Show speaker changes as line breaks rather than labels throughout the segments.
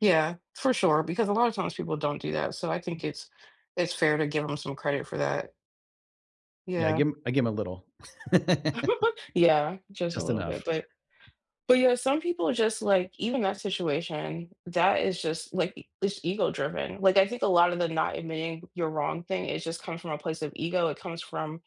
Yeah, for sure, because a lotta times people don't do that, so, I think it's it's fair to give 'em some credit for that.
Yeah, I give
Yeah.
him I give him a little.
Yeah, just a
Just
little bit,
enough.
but but yeah, some people are just like even that situation, that is just like, it's ego-driven. Like, I think a lotta the not admitting you're wrong thing, it just comes from a place of ego, it comes from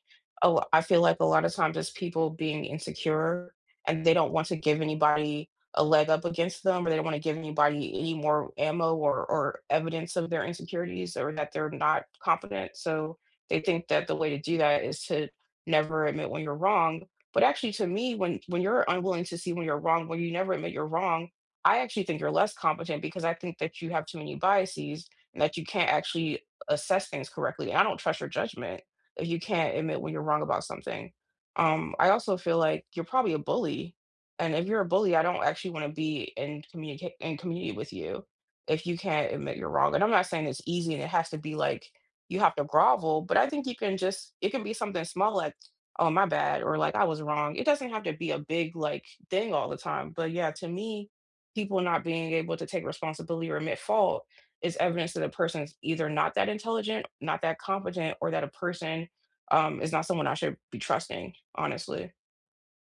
a l I feel like a lotta times it's people being insecure and they don't want to give anybody a leg up against them or they don't wanna give anybody any more ammo or or evidence of their insecurities or that they're not confident so, they think that the way to do that is to never admit when you're wrong. But actually, to me, when when you're unwilling to see when you're wrong, when you never admit you're wrong, I actually think you're less competent because I think that you have too many biases and that you can't actually assess things correctly, and I don't trust your judgment if you can't admit when you're wrong about something. Um, I also feel like you're probably a bully. And if you're a bully, I don't actually want to be in communica in community with you if you can't admit you're wrong, and I'm not saying it's easy and it has to be like, you have to grovel, but I think you can just it can be something small like, "Oh, my bad," or, like, "I was wrong." It doesn't have to be a big, like, thing all the time, but yeah, to me, people not being able to take responsibility or admit fault is evidence that a person's either not that intelligent, not that competent, or that a person, um, is not someone I should be trusting, honestly.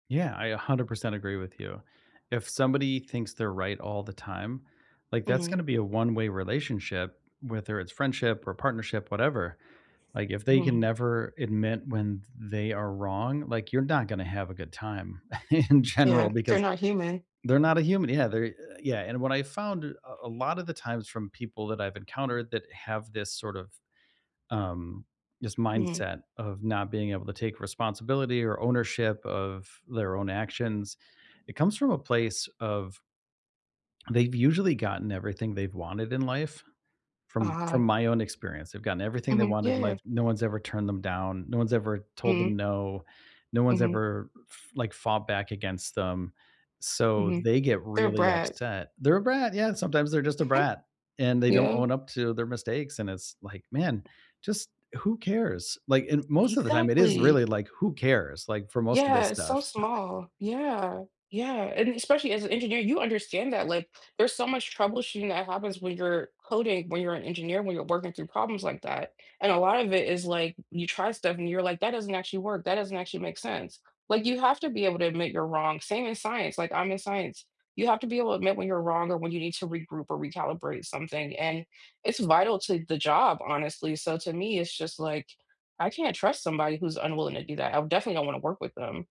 Yeah, I 100% agree with you. If somebody thinks they're right all the time, like, that's gonna
Mhm.
be a one-way relationship, whether it's friendship or partnership, whatever, like, if they can
Mhm
never admit when th they are wrong, like, you're not gonna have a good time in general
Yeah, they're
because
not human.
they're not a human, yeah, they're eh, yeah, and what I found a a lotta the times from people that I've encountered that have this sort of, um, this
Mhm.
mindset of not being able to take responsibility or ownership of their own actions, it comes from a place of They've usually gotten everything they've wanted in life from
Uh-huh.
from my own experience, they've gotten everything they
Mhm,
wanted in
yeah.
life, no one's ever turned them down, no one's ever told
Mm.
them no, no one's
Mhm.
ever f like, fought back against them, so,
Mhm.
they get
They're a
really
brat.
upset. They're a brat, yeah, sometimes they're just a brat, and they don't
Yeah.
own up to their mistakes, and it's like, "Man, just who cares?" Like, in most of the time it is
Exactly.
really like, "Who cares?" Like, for most of this
Yeah, it's so
stuff.
small. Yeah, yeah, and especially as an engineer, you understand that, like, there's so much troubleshooting that happens when you're coding, when you're an engineer, when you're working through problems like that, and a lot of it is, like, you try stuff and you're like, "That doesn't actually work, that doesn't actually make sense." Like, you have to be able to admit you're wrong, same in science, like, I'm in science. You have to be able to admit when you're wrong or when you need to regroup or recalibrate something, and it's vital to the job, honestly so, to me, it's just like, I can't trust somebody who's unwilling to do that, I definitely don't wanna work with them.